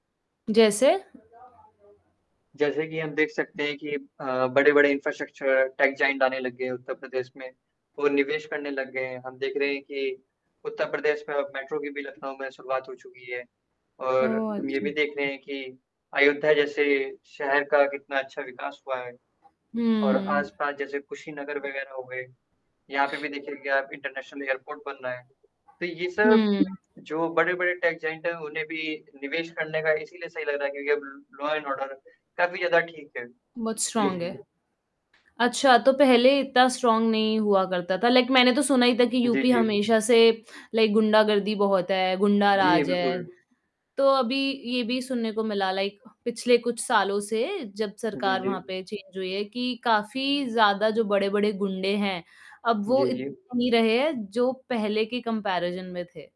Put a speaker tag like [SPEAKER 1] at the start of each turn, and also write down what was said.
[SPEAKER 1] जैसे।
[SPEAKER 2] जैसे कि हम देख सकते हैं कि अ, बड़े-बड़े इंफ्रास्ट्रक्चरर टेक जायंट आने लग गए हैं उत्तर प्रदेश में और निवेश करने लग गए हैं। हम देख रहे हैं कि उत्तर प्रदेश में अब मेट्रो की भी लखनऊ में शुरुआत हो चुकी है और
[SPEAKER 1] ओह
[SPEAKER 2] हम ये
[SPEAKER 1] अच्छा।
[SPEAKER 2] भी देख रहे हैं कि अयोध्या जैसे शहर का कितना अच्छा विकास हुआ है। और
[SPEAKER 1] हुँ।
[SPEAKER 2] आस-पास जैसे कुशीनगर वग़ैरह हो गए यहाँ पे भी देखिए की आप इंटरनेशनल एयरपोर्ट बन रहा है। तो ये सब
[SPEAKER 1] हुँ।
[SPEAKER 2] जो बड़े-बड़े टेक जायंट है उन्हें भी निवेश करने का इसीलिए सही लग रहा है क्योंकि अब ल लॉ एंड ऑर्डर काफ़ी ज़्यादा ठीक है।
[SPEAKER 1] बहुत
[SPEAKER 2] जी,
[SPEAKER 1] स्ट्रांग
[SPEAKER 2] जी।
[SPEAKER 1] है। अच्छा तो पहले इतना स्ट्रांग नहीं हुआ करता था। लाइक मैंने तो सुना ही था कि
[SPEAKER 2] जी,
[SPEAKER 1] यूपी
[SPEAKER 2] जी।
[SPEAKER 1] हमेशा से लाइक गुंडागर्दी बहुत है, गुंडा
[SPEAKER 2] जी,
[SPEAKER 1] राज है।
[SPEAKER 2] बिल्कुल।
[SPEAKER 1] तो अभी ये भी सुनने को मिला लाइक पिछले कुछ सालों से जब
[SPEAKER 2] जी,
[SPEAKER 1] सरकार वहाँ
[SPEAKER 2] जी।
[SPEAKER 1] पे चेंज हुई है कि काफ़ी ज़्यादा जो बड़े-बड़े गुंडे हैं अब वो
[SPEAKER 2] जी,
[SPEAKER 1] इत
[SPEAKER 2] जी।
[SPEAKER 1] नहीं रहे जो पहले के कम्पैरिज़न में थे।